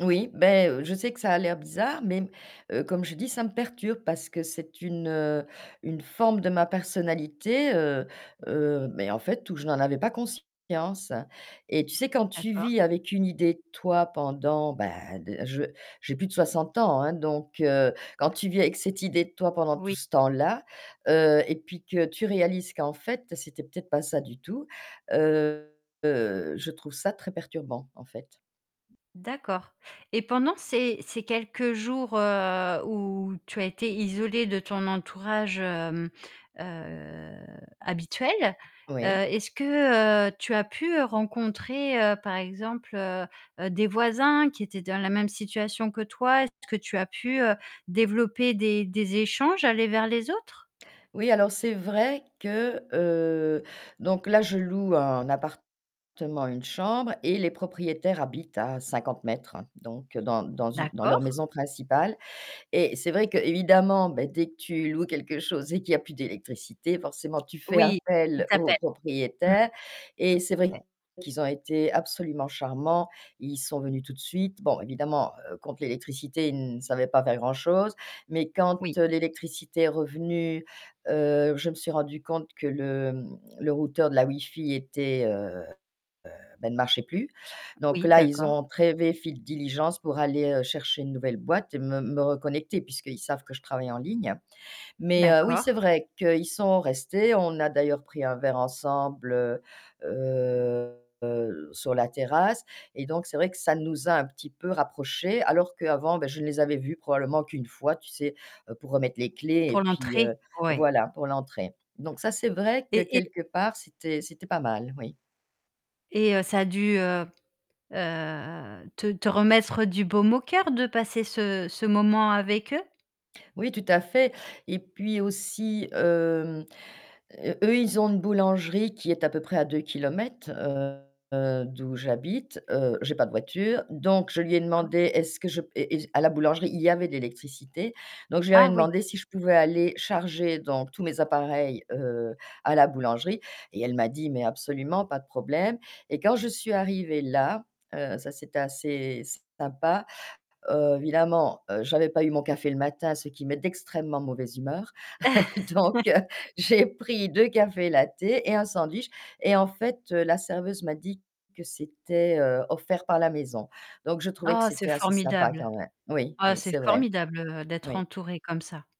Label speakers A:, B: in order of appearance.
A: Oui, bah, heu, je sais que ça a l'air bizarre, mais, heu, comme je dis, ça me perturbe parce que c'est une, heu, une forme de ma personnalité, heu heu, mais en fait, où je n'en avais pas conscience et tu sais, quand tu
B: D'accord.
A: vis avec une idée de toi pendant, bah de je j'ai plus de 60 ans, hein, donc heu, quand tu vis avec cette idée de toi pendant tout
B: Oui.
A: ce temps-là, heu et puis que tu réalises qu'en fait c'était peut-être pas ça du tout, heu, heu, je trouve ça très perturbant en fait.
B: D'accord et pendant ces ces quelques jours, heu, où tu as été isolée de ton entourage, hem, heu, habituel, heu,
A: Oui.
B: est-ce que tu as pu rencontrer par exemple, heu, des voisins qui étaient dans la même situation que toi? Est-ce que tu as pu, heu, développer des des échanges, aller vers les autres?
A: Oui, alors c'est vrai que, heu donc là je loue un appartement avec une chambre et les propriétaires habitent à 50 m donc dans dans une dans leur
B: D'accord.
A: maison principale et c'est vrai qu'évidemment bah dès que tu loues quelque chose et qu'il y a plus d'électricité forcément tu fais
B: Oui, il
A: appel aux
B: t'appelle
A: propriétaires et c'est vrai
B: [unintelligible]
A: qu'ils ont été absolument charmants, ils sont venus tout de suite. Bon évidemment, heu, contre l'électricité, ils savaient pas faire grand-chose, mais quand,
B: Oui.
A: heu, l'électricité est revenue, heu, je me suis rendue compte que le, hem, le routeur de la wifi était, heu heu, bah il marchait plus. Donc
B: Oui
A: là, ils
B: d'accord.
A: ont [unintelligible] diligence pour aller chercher une nouvelle boîte et me me reconnecter puisqu'ils savent que je travaille en ligne. Mais oui, c'est
B: D'accord.
A: vrai qu'ils sont restés. On a d'ailleurs pris un verre ensemble, heu, heu, heu, sur la terrasse et donc c'est vrai que ça nous a un petit peu rapprochés alors qu'avant bah je les avais vus probablement qu'1 fois tu sais pour remettre les clés et
B: Pour
A: puis,
B: l'entrée?
A: heu,
B: Ouais.
A: voilà pour l'entrée. Donc ça c'est vrai que
B: Et et
A: quelque part c'était c'était pas mal, oui.
B: Et heu, ça a dû, heu heu, te te remettre du baume au coeur de passer ce ce moment avec eux?
A: Oui tout à fait et puis aussi, hem, eux ils ont une boulangerie qui est à peu près à 2 kilomètres, heu, d'où j'habite, heu, j'ai pas de voiture, donc je lui ai
B: D'accord.
A: demandé est-ce que je à la boulangerie il y avait de l'électricité, donc je lui avais
B: Ah oui.
A: demandé si je pouvais aller charger donc tous mes appareils, heu, à la boulangerie et elle m'a dit: «Mais absolument. Pas de problème». Et quand je suis arrivée là, heu, ça c'était assez sympa. Heu, évidemment, heu, j'avais pas eu mon café le matin, ce qui met d'extrêmement mauvaise humeur. Donc, heu, j'ai pris 2 cafés lattés et un sandwich et en fait, heu, la serveuse m'a dit que c'était, heu, offert par la maison. Donc je trouvais que
B: Oh c'est
A: c'était assez sympa
B: formidable!
A: quand même oui,
B: Oh
A: oui
B: c'est
A: c'est vrai.
B: formidable, heu, d'être
A: Oui.
B: entourée comme ça!